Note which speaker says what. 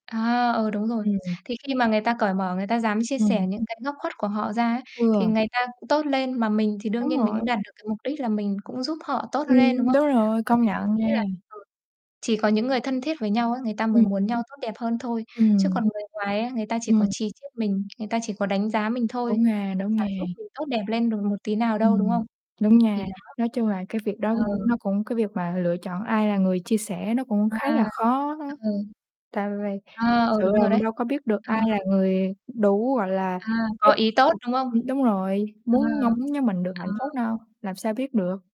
Speaker 1: À, ừ, đúng rồi,
Speaker 2: Ừm, ừm.
Speaker 1: thì khi mà người ta cởi mở, người ta dám chia
Speaker 2: Ừm.
Speaker 1: sẻ những cái góc khuất của họ ra á thì
Speaker 2: Vừa.
Speaker 1: người ta tốt lên mà mình thì đương
Speaker 2: Đúng
Speaker 1: nhiên mình
Speaker 2: rồi.
Speaker 1: cũng đạt được cái mục đích là mình cũng giúp họ tốt lên, đúng
Speaker 2: Ừm,
Speaker 1: không?
Speaker 2: đúng rồi,
Speaker 1: Bởi
Speaker 2: công
Speaker 1: vì mình
Speaker 2: nhận
Speaker 1: nghĩ là,
Speaker 2: nghen.
Speaker 1: ừ, chỉ có những người thân thiết với nhau á, người ta mới
Speaker 2: Ừm.
Speaker 1: muốn nhau tốt đẹp hơn thôi, chứ còn
Speaker 2: Ừm.
Speaker 1: người ngoài á, người ta chỉ có
Speaker 2: Ừm.
Speaker 1: chì chiết mình, người ta chỉ có đánh giá mình thôi,
Speaker 2: Đúng ha,
Speaker 1: [unintelligible]
Speaker 2: đúng
Speaker 1: chả
Speaker 2: nha.
Speaker 1: giúp mình tốt đẹp lên được một tí nào
Speaker 2: Ừm,
Speaker 1: đâu, đúng
Speaker 2: ừm,
Speaker 1: không?
Speaker 2: đúng nha,
Speaker 1: Thì đó.
Speaker 2: nói chung là cái việc đó [unintelligible]
Speaker 1: Ừ.
Speaker 2: nó cũng cái việc mà lựa chọn ai là người chia sẻ nó cũng khá
Speaker 1: À.
Speaker 2: là khó á,
Speaker 1: Ừ.
Speaker 2: tại vì thực
Speaker 1: À, ừ,
Speaker 2: sự
Speaker 1: đúng
Speaker 2: là
Speaker 1: rồi
Speaker 2: mình
Speaker 1: đấy.
Speaker 2: đâu có biết được
Speaker 1: À.
Speaker 2: ai là người đủ, gọi là,
Speaker 1: À,
Speaker 2: giúp
Speaker 1: có ý tốt,
Speaker 2: ừm,
Speaker 1: đúng không?
Speaker 2: ưm, đúng rồi,
Speaker 1: À.
Speaker 2: muốn mong muốn nho mình được
Speaker 1: À,
Speaker 2: hạnh phúc
Speaker 1: ừ.
Speaker 2: đâu, làm sao biết được.